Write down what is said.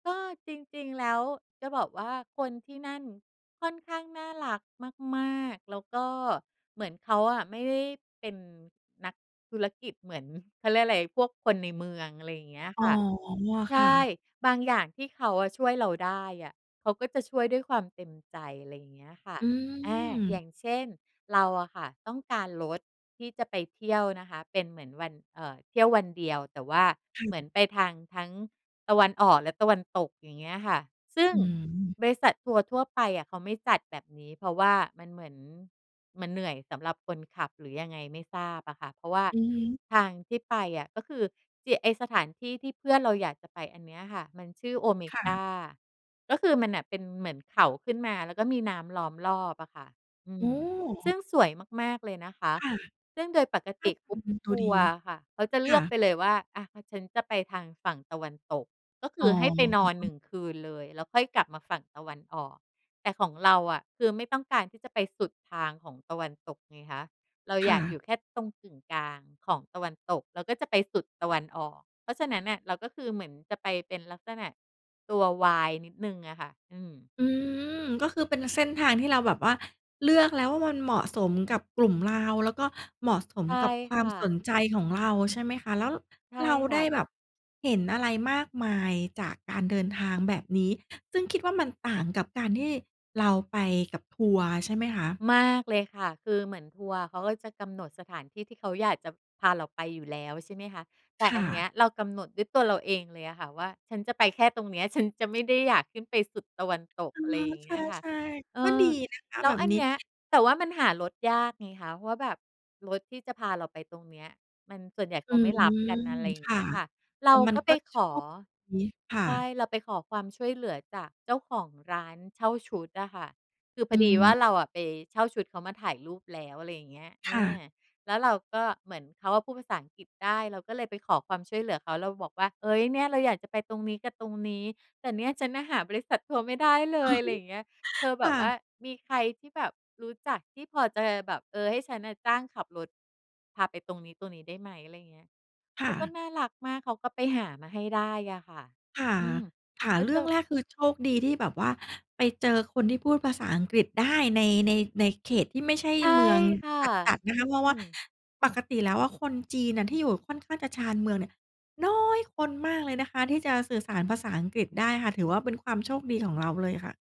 ก็จริง ๆ แล้วจะบอกว่าคนที่นั่นค่อนข้างน่ารักมาก ๆ แล้วก็เหมือนเขาอะไม่ได้เป็นนักธุรกิจเหมือน เขาเรียกอะไร พวกคนในเมือง อะไรอย่างเงี้ยอ๋คอ ่ะ ใชค่่ ะ บางอย่างที่เขาอะช่วยเราได้อะ เขาก็จะช่วยด้วยความเต็มใจ อะไรอย่างเงี้ยค่ะ อือ่า อย่ม างเช่น เราอะค่ะต้องการรถที่จะไปเที่ยวนะคะ เป็นเหมือนวัน เอ่อ เที่ยววันเดียว แต่ว่าค่เหมือะ นไปทางทั้งตะวันออกและตะวันตก อย่างเงี้ยอะค่ะ ซึ่งอื้อฮือ บริษัททัวร์ทั่วไปอะเขาไม่จัดแบบนี้ เพราะว่ามันเหมือน มันเหนื่อยสำหรับคนขับ หรือยังไงไม่ทราบอะค่ะ เพราะว่าอือฮึ ทางที่ไปอะ ก็คือ เจีย ไอ้สถานที่ที่เพื่อนเราอยากจะไปอันนี้อะค่ะ มันชื่อโอเมค่กะ า ก็คือมันน่ะเป็นเหมือนเขาขึ้นมาแล้วก็มีน้ำล้อมรอบอะค่ะ อือืม ซึม ่งสวยมาก ๆ เลยนะคะ ค่ะ ซึ่งโดยปกติ group [unintelligible] ตทัวัดวี ร์อะค่ะเขาจะเลคื่อะ กไปเลยว่า อะ ฉันจะไปทางฝั่งตะวันตก ก็คอื๋อให้ไปนอนหนึอ ่งคืนเลย แล้วค่อยกลับมาฝั่งตะวันออก แต่ของเราอะ คือไม่ต้องการที่จะไปสุดทางของตะวันตกไงคะ เราคอ่ยากอะ ยู่แค่ตรงกึ่งกลางของตะวันตก แล้วก็จะไปสุดตะวันออก เพราะฉะนั้นน่ะเราก็คือเหมือนจะไปเป็นลักษณะตัววายนิดหนึ่งอะค่ะ อืม อืม ก็คือเป็นเส้นทางที่เราแบบว่าเลือกแล้วว่า มันเหมาะสมกับกลุ่มเรา แล้วก็เหมาะสใมช่กับควาคม่สะ นใจของเรา ใช่ไหมคะ แล้ว ร ใช่เราคได่้ะ แบบเห็นอะไรมากมายจากการเดินทางแบบนี้ ซึ่งคิดว่ามันต่างกับการที่เราไปกับทัวร์ใช่ไหมคะ? มากเลยค่ะ คือเหมือนทัวร์เขาก็จะกำหนดสถานที่ที่เขาอยากจะพาเราไปอยู่แล้ว ใช่ไหมคะ แต่คอ่ันเนี้ะ ยเรากำหนดด้วยตัวเราเองเลยอะค่ะว่า ฉันจะไปแค่ตรงเนี้ย ฉันจะไม่ได้อยากขึ้นไปสุดตะวันตก อ๋อ อะไรอย่างเงี้ยค่ะ ใช่ เอๆ ก็อ ดีนะคะแล้แบวบอันนีเ้ นี้ย แต่ว่ามันหารถยากไงคะ เพราะว่าแบบ รถที่จะพาเราไปตรงเนี้ย มัน ส่วนใหญ่เอขืาไม่รม ับกัน อะไรอย่าคงเง่ะ ี้ยค่ะ แเตร่ามักน็กไป็ขโชอ ค นี้ ค่ใช่ ะ เราไปขอความช่วยเหลือจากเจ้าของร้านเช่าชุดอะค่ะ คือพออืดีว่าม เราอะไปเช่าชุดเขามาถ่ายรูปแล้ว อะไรอย่างเงี้ย เอค่อ ะ แล้วเราก็เหมือน เขาอะพูดภาษาอังกฤษได้ เราก็เลยไปขอความช่วยเหลือเขา เราบอกว่า เฮ้ย เนี่ยเราอยากจะไปตรงนี้กับตรงนี้ แต่เนี่ยฉันน่ะหาบริษัททัวร์ไม่ได้เลย อะไรอย่างเงี้ย เธอแคบ่บว่าะ มีใครที่แบบรู้จักที่พอจะแบบ เออ ให้ฉันน่ะจ้างขับรถพาไปตรงนี้ ตรงนี้ ได้ไหม? อะไรอย่างเงี้ย คเข่าก็ะ น่ารักมาก เขาก็ไปหามาให้ได้อะค่ะ ค่ะ อืม ค่ะ แล้วเรเจื่องอ แรกคือโชคดีที่แบบว่าไปเจอคนที่พูดภาษาอังกฤษได้ ใน ใน ในเขตที่ไม่ใช่ใช่เมืองค่ะ จัด ๆ นอะืคะ เพราะว่า ม ปกติแล้วอะคนจีนน่ะที่อยู่ค่อนข้างจะชานเมืองเนี่ย น้อย คนมากเลยนะคะที่จะสื่อสารภาษาอังกฤษได้ค่ะ ถือว่าเป็นความโชคดีของเราเลยค่ะ